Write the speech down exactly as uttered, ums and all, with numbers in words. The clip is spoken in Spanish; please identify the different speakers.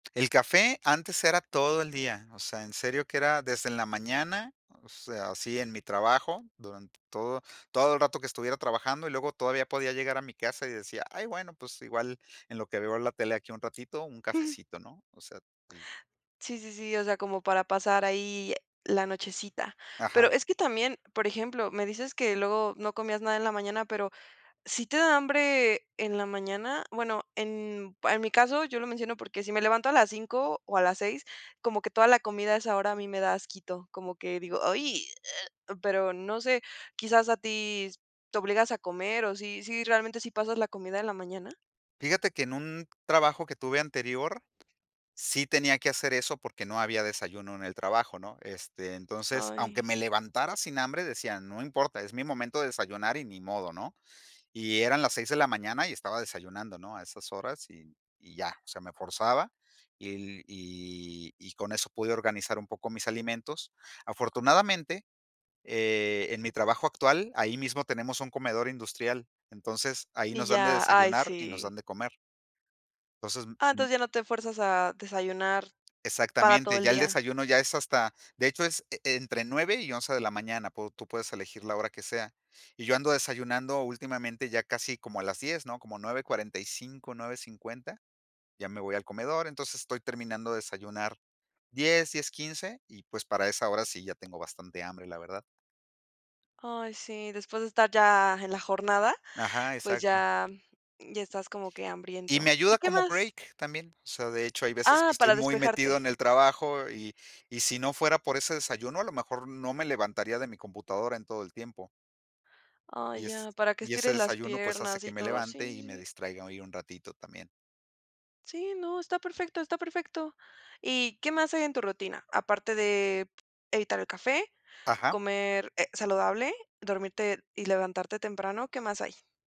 Speaker 1: El café antes era todo el día, o sea, en serio que era desde en la mañana, o sea, así en mi trabajo, durante todo todo el rato que estuviera trabajando, y luego todavía podía llegar a mi casa y decía: "Ay, bueno, pues, igual en lo que veo la tele aquí un ratito, un
Speaker 2: Ujú.
Speaker 1: cafecito", ¿no? O sea, sí.
Speaker 2: Sí, sí, sí, o sea, como para pasar ahí la nochecita. Pero,
Speaker 1: Ajá.
Speaker 2: es que también, por ejemplo, me dices que luego no comías nada en la mañana, pero ¿sí te da hambre en la mañana? Bueno, pa en en mi caso, yo lo menciono porque si me levanto a las cinco o a las seis, como que toda la comida a esa hora a mí me da asquito. Como que digo: "¡Ay!", pero no sé. Quizás a ti ¿te obligas a comer, o sí sí, realmente, sí pasas la comida en la mañana?
Speaker 1: Fíjate que en un trabajo que tuve anterior, sí tenía que hacer eso porque no había desayuno en el trabajo, ¿no? Este, entonces, aunque
Speaker 2: Ay.
Speaker 1: me levantara sin hambre, decía: "No importa, es mi momento de desayunar y ni modo", ¿no? Y eran las seis de la mañana y estaba desayunando, ¿no? A esas horas, y y ya. O sea, me forzaba, y y y con eso pude organizar un poco mis alimentos. Afortunadamente, eh, en mi trabajo actual, ahí mismo tenemos un comedor industrial, entonces ahí
Speaker 2: Y
Speaker 1: nos dan de
Speaker 2: ya. Ay,
Speaker 1: desayunar y nos
Speaker 2: sí.
Speaker 1: dan de comer. Entonces,
Speaker 2: Ah,
Speaker 1: m-m
Speaker 2: entonces ya no te fuerzas a desayunar para todo
Speaker 1: Exactamente,
Speaker 2: el
Speaker 1: ya el
Speaker 2: día.
Speaker 1: desayuno, ya es hasta de hecho, es e entre nueve y once de la mañana, pu tú puedes elegir la hora que sea. Y yo ando desayunando últimamente, ya casi como a las diez, ¿no? Como nueve y cuarenta y cinco, nueve cincuenta ya me voy al comedor, entonces, estoy terminando de desayunar diez, diez quince y, pues, para esa hora sí ya tengo bastante hambre, la verdad.
Speaker 2: Ay, sí, después de estar ya en la jornada,
Speaker 1: Ajá,
Speaker 2: pues,
Speaker 1: exacto.
Speaker 2: ya ya estás como que
Speaker 1: Y
Speaker 2: hambriento.
Speaker 1: me
Speaker 2: ¿Y
Speaker 1: ayuda
Speaker 2: qué
Speaker 1: como
Speaker 2: más?
Speaker 1: break también. O sea, de hecho, hay veces que
Speaker 2: Ah,
Speaker 1: estoy
Speaker 2: para
Speaker 1: muy metido
Speaker 2: despejarte.
Speaker 1: en el trabajo y y si no fuera por ese desayuno, a lo mejor no me levantaría de mi computadora en todo el tiempo.
Speaker 2: Ah,
Speaker 1: Y es
Speaker 2: ya, para que
Speaker 1: y ese
Speaker 2: estires las
Speaker 1: desayuno, pues, hace
Speaker 2: piernas
Speaker 1: que
Speaker 2: y
Speaker 1: me
Speaker 2: todo, sí,
Speaker 1: levante y
Speaker 2: sí,
Speaker 1: me
Speaker 2: sí.
Speaker 1: distraiga ahí un ratito también.
Speaker 2: Sí, no, está perfecto, está perfecto. ¿Y qué más hay en tu rutina? Aparte de evitar el café,
Speaker 1: Ajá.
Speaker 2: comer, eh, saludable, dormirte y levantarte temprano, ¿qué más hay?